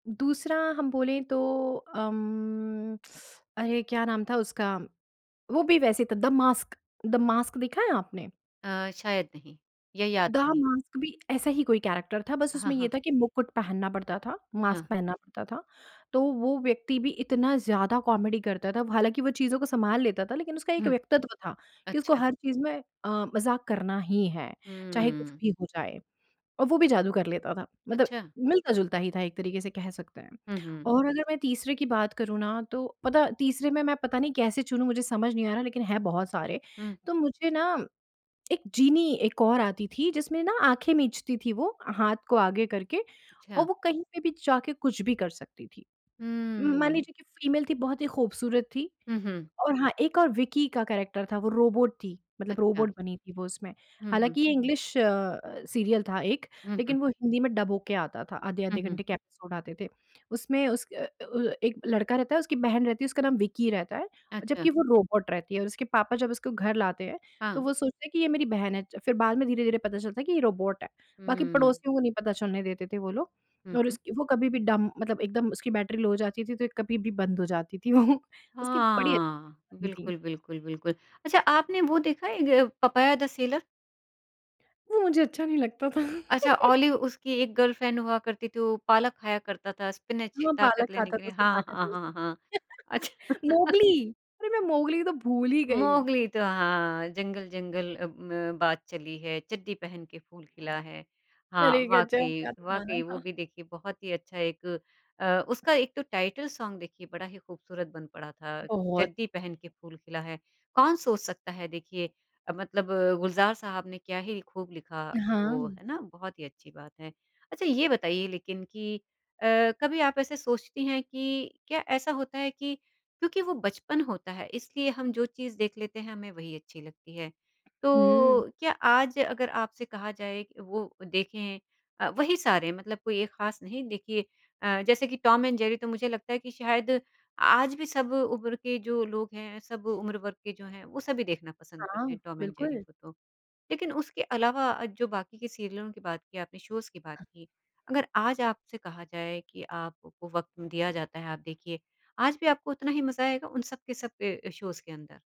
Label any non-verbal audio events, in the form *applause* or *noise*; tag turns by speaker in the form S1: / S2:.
S1: दूसरा हम बोले तो अम, अरे! क्या नाम था उसका। वो भी वैसे था द मास्क द मास्क देखा है आपने?
S2: अ, शायद नहीं, या याद
S1: द
S2: नहीं।
S1: मास्क भी ऐसा ही कोई कैरेक्टर था, बस
S2: हाँ,
S1: उसमें ये
S2: हाँ।
S1: था कि मुकुट पहनना पड़ता था,
S2: हाँ।
S1: मास्क पहनना पड़ता था। तो वो व्यक्ति भी इतना ज़्यादा कॉमेडी करता था। हालाँकि वो चीज़ों को सँभाल लेता था लेकिन उसका एक
S2: हुँ।
S1: व्यक्तित्व था कि उसको
S2: अच्छा।
S1: हर चीज़ में अ, मज़ाक करना ही है, चाहे कुछ
S2: हुँ।
S1: भी हो जाए और वो भी जादू कर लेता था। मतलब
S2: अच्छा।
S1: मिलता-जुलता ही था एक तरीके से कह सकते हैं।
S2: हुँ, हुँ।
S1: और अगर मैं तीसरे की बात करूँ ना तो पता है तीसरे में मैं पता नहीं कैसे चुनूँ, मुझे समझ नहीं आ रहा लेकिन है बहुत सारे।
S2: हुँ।
S1: तो मुझे ना एक जीनी एक और आती थी जिसमें ना आँखें मीचती थी वो हाथ को आगे करके और
S2: छा
S1: वो कहीं पे भी जाके कुछ भी कर सकती थी।
S2: हुँ,
S1: म मान
S2: हुँ।
S1: लीजिए कि फीमेल थी, बहुत ही खूबसूरत थी।
S2: हुँ, हुँ।
S1: और हाँ, एक और विक्की का कैरेक्टर था वो रोबोट थी, मतलब
S2: अच्छा।
S1: रोबोट बनी थी वो उसमें।
S2: हुँ, हुँ।
S1: हालाँकि ये इंग्लिश अ, सीरियल था एक
S2: हुँ, हुँ।
S1: लेकिन वो हिंदी में डब हो के आता था,
S2: हुँ,
S1: आधे-आधे
S2: हुँ।
S1: घंटे के एपिसोड आते थे। उसमें उस अ अ, व एक लड़का रहता है, उसकी बहन रहती है, उसका नाम विक्की रहता है,
S2: अच्छा।
S1: जबकि वो रोबोट रहती है और उसके पापा जब उसको घर लाते हैं
S2: हाँ।
S1: तो वो सोचते हैं कि ये मेरी बहन है। फिर बाद में धीरे-धीरे पता चलता है कि ये रोबोट है। बाकी
S2: हुँ।
S1: पड़ोसियों को नहीं पता चलने देते थे वो लोग
S2: हुँ,
S1: और
S2: हुँ।
S1: उसकी वो कभी भी डम मतलब एकदम उसकी बैटरी लो हो जाती थी तो कभी भी बंद हो जाती थी वो उसकी बड़ी अच्छी
S2: हाँ।
S1: सी कहानी थी।
S2: बिल्कुल, बिल्कुल, बिल्कुल। अच्छा आपने वो देखा है एक य पपाया द सेलर?
S1: वो मुझे अच्छा नहीं लगता था।
S2: अच्छा ऑलिव उसकी एक गर्लफ्रेंड हुआ करती थी, वो पालक खाया करता था, स्पिनच
S1: हाँ, पालक
S2: ताकत लेने
S1: खाता
S2: के
S1: था,
S2: लिए।
S1: उसको
S2: हाँ,
S1: ताकत
S2: हाँ,
S1: मिलती
S2: हाँ, हाँ।
S1: थी।
S2: अच्छा
S1: *laughs* मोगली अरे! मैं मोगली तो भूल ही गई।
S2: मोगली तो हाँ जंगल-जंगल अब म बात चली है, चड्डी पहन के फूल खिला है। हाँ,
S1: अरे गज़ब!
S2: वाक़ई
S1: क्या गाना
S2: वाक़ई वो
S1: था!
S2: भी देखिए बहुत ही अच्छा एक अ, उसका एक तो टाइटल सॉन्ग देखिए बड़ा ही खूबसूरत बन पड़ा था।
S1: बहुत।
S2: चड्डी पहन के फूल खिला है। कौन सोच सकता है देखिए मतलब गुलजार साहब ने क्या ही खूब लिखा वो,
S1: हाँ।
S2: है ना? बहुत ही अच्छी बात है। अच्छा, ये बताइए लेकिन कि अ, कभी आप ऐसे सोचती हैं कि क्या ऐसा होता है कि क्योंकि वो बचपन होता है इसलिए हम जो चीज़ देख लेते हैं, हमें वही अच्छी लगती है।
S1: हुँ।
S2: तो क्या आज अगर आपसे कहा जाए वो देखें अ, वही सारे मतलब कोई एक खास नहीं। देखिए अ, जैसे कि टॉम एंड जेरी तो मुझे लगता है कि शायद आज भी सब उम्र के जो लोग हैं, सब उम्र वर्ग के जो हैं वो सभी देखना पसंद
S1: हाँ।
S2: करते हैं टॉम एंड जेरी
S1: बिल्कुल।
S2: को तो। लेकिन उसके अलावा जो बाकी के सीरियलों की बात की आपने, शोज़ की बात की, अगर आज आपसे कहा जाए कि आपको वक़्त दिया जाता है आप देखिए, आज भी आपको उतना ही मज़ा आएगा उन सब के सब अ, शोज़ के अंदर?